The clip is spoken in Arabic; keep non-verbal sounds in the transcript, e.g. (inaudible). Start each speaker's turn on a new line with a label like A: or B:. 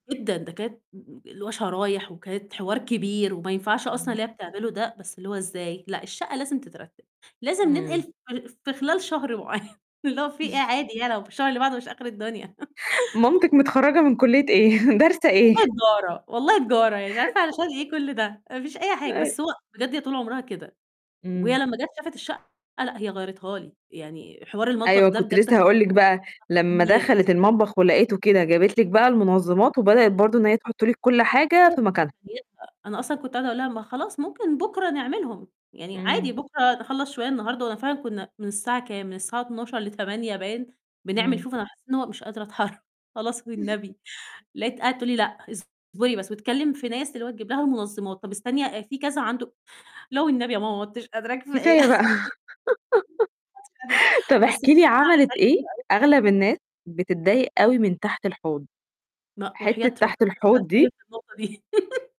A: جدًا، ده كانت اللي هو شرايح وكانت حوار كبير وما ينفعش أصلًا
B: إمم.
A: اللي هي بتعملُه ده، بس اللي هو إزاي "لأ الشقة لازم تترتب، لازم ننقل
B: إمم.
A: ف في خلال شهر معيّن." اللي هو في إيه، عادي يع لو في الشهر اللي بعده مش آخر الدنيا. (chuckles)
B: مامتك متخرجة من كُلّية إيه؟ دارسة إيه؟
A: والله تجارة، والله تجارة، يعني مش عارفة علشان إيه كُلّ ده، ما فيش أي حاجة.
B: أي
A: بس هو بجد هي طول عمرها كده، وهي
B: إمم.
A: لمّا جات شافت الشقة، لأ هي غيّرتها لي، يعني حوار المطبخ
B: أيوه،
A: ده
B: كنت
A: بجد
B: لسه هاقول لِك بقى لمّا
A: (unintelligible)
B: دخلِت المطبخ ولقته كده، جابت لِك بقى المنظِمات وبدأت برضه إن هي تحُط لِك كُلّ حاجة في مكانها.
A: (unintelligible) أنا أصلًا كنت قاعدة أقول لها: "ما خلاص ممكن بكرة نعملهم، يعني
B: إمم.
A: عادي بكرة نخلّص شوية النهارده"، وأنا فعلًا كنا من الساعة كام، من الساعة 12:00 ل20:00 باين بنعمل
B: إمم.
A: شوف أنا حسيت إن هو أنا مش قادرة أتحر "خلاص والنبي" لقيتها قاعدة تقول لي: "لأ، اصبري بس" وتكلم في ناس اللي هو تجبب لها المنظِمات، "طب استني في كذا عَنده لا والنبي يا ماما ما عُدتش قادرة كفاية."
B: كفاية بقى.
A: ما عُدتش قادرة،
B: (laughs) طب
A: بس
B: احكي لي عملِت إيه؟
A: (unintelligible)
B: أغلب الناس بتضايق أوي من تحت الحوض،
A: ما وحياة
B: حِتة
A: ربنا
B: تحت
A: لسه
B: الحوض دي
A: هاسألِك في النقطة دي. (laughs)